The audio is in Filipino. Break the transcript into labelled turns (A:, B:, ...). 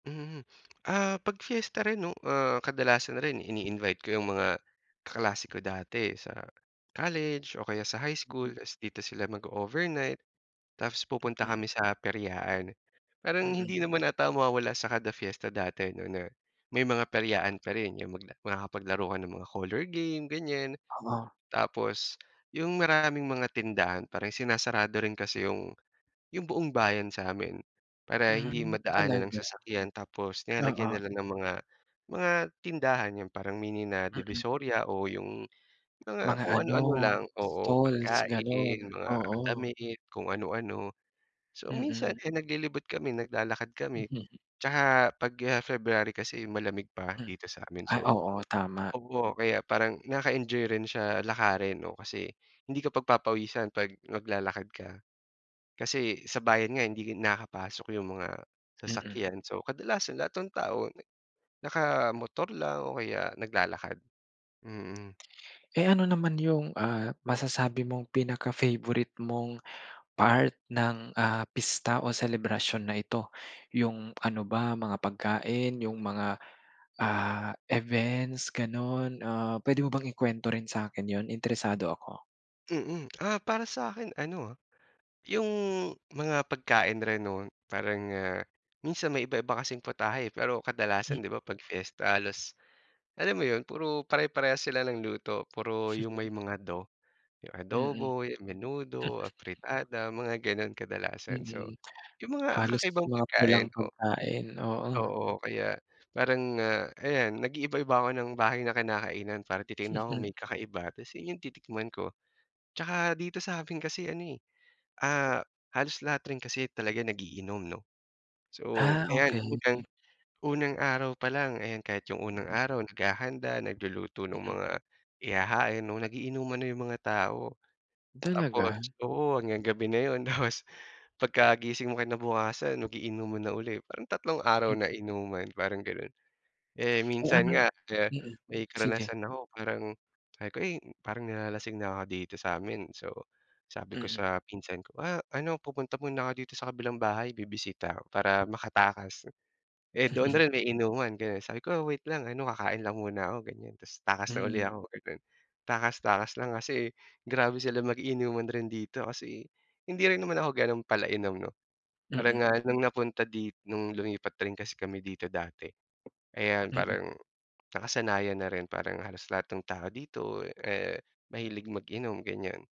A: Mhm. Ah, pag fiesta rin 'no, ah, kadalasan na rin ini-invite ko 'yung mga kaklase ko dati sa college o kaya sa high school tas dito sila mag-o-overnight, tapos pupunta
B: Mhm.
A: kami sa peryaan, parang
B: Mm.
A: hindi naman ata mawawala sa kada fiesta dati 'no, na may mga peryaan pa rin 'yung mag makakapaglaro ka ng mga coller game ganiyan.
B: Oo.
A: Tapos 'yung maraming mga tindahan parin sinasarado rin kasi 'yung 'yung buong bayan sa amin para hindi
B: Hmm,
A: madaanan ng
B: talaga?
A: sasakyan, tapos nilalagyan
B: Oo.
A: nila ng mga mga tindahan, 'yun parang mini na
B: Mm.
A: Divisoria o 'yung mga
B: Mga
A: kung
B: ano,
A: ano-ano lang, oo,
B: stalls gano'n,
A: pagkain, mga
B: oo.
A: damit kung ano-ano. So
B: Mm.
A: minsan eh, naglilibot kami naglalakad kami, tsaka pag ah, February kasi malamig pa
B: Hmm,
A: dito sa'min
B: ay
A: so
B: oo, tama.
A: oo, kaya parang nakaka-enjoy rin siya lakarin 'no, kasi hindi ka pagpapawisan 'pag naglalakad ka. Kasi sa bayan nga, hindi nakapasok 'yung mga
B: Mm.
A: sasakyan, so kadalasan lahat ng tao, nakamotor lang o kaya naglalakad, mm.
B: Eh, ano naman 'yung ah, masasabi mong pinaka-favorite mong part ng ah, pista o selebrasyon na ito, 'yung ano ba mga pagkain, 'yung mga ah, events, gano'n? Ah, puwede mo bang ikwento rin sa'kin 'yun? Interesado ako.
A: Mm. Ah, para sa'kin ano ah, 'yung mga pagkain rin 'no, parang ah minsan may iba-iba kasing putahe pero
B: M
A: kadalasan 'di ba, 'pag fiesta halos, alam mo 'yun, puro pare-parehas sila ng luto, puro 'yung may mga "do," 'yung
B: Mm.
A: adobo, menudo, afritada, mga gano'n kadalasan, so
B: Mm,
A: 'yung mga
B: halos
A: kakaibang
B: mga pulang
A: pagkain ko.
B: pagkain, oo.
A: Oo, kaya parang ah, ayan nag-iiba-iba ako ng bahay na kinakainan para titignan ko kung may kakaiba tas 'yun 'yung titikman ko. Tsaka dito sa; min kasi ano eh, ah, halos lahat rin kasi talaga nag-iinom 'no, so
B: Ah,
A: ayan bukod diyan,
B: okey.
A: unang araw pa lang ayan, kahit 'yung unang araw naghahanda, nagluluto ng
B: Mm.
A: mga ihahain 'no, nag-iinuman na 'yung mga tao, tapos
B: Talaga?
A: oo, hanggang gabi na 'yun. Tapos pagkagising mo kinabukasan, mag-iinuman na ulit, parang tatlong araw
B: M
A: na inuman, parang gano'n. Eh,
B: Oh,
A: minsan
B: ano
A: nga eh,
B: Mm,
A: may
B: sige.
A: karanasan ako parang sabi ko eh, "Parang nilalasing na ako dito sa'min." So sabi ko
B: Mm.
A: sa pinsan ko, "Ah, ano pupunta muna ako dito sa kabilang bahay bibisita," para makatakas, eh doon rin may inuman kaya sabi ko, "Wait lang ano, kakain lang muna ako," ganiyan, tas takas na uli
B: Mm.
A: ako gano'n, takas takas lang kasi grabe sila mag-inuman rin dito. Kasi hindi rin naman ako gano'n pala inom 'no, parang
B: Mm.
A: nga nung napunta dit nung lumipat rin kasi kami dito dati, ayan
B: Mm.
A: parang nakasanayan na rin, parang halos lahat ng tao dito eh, mahilig mag-inom, ganiyan.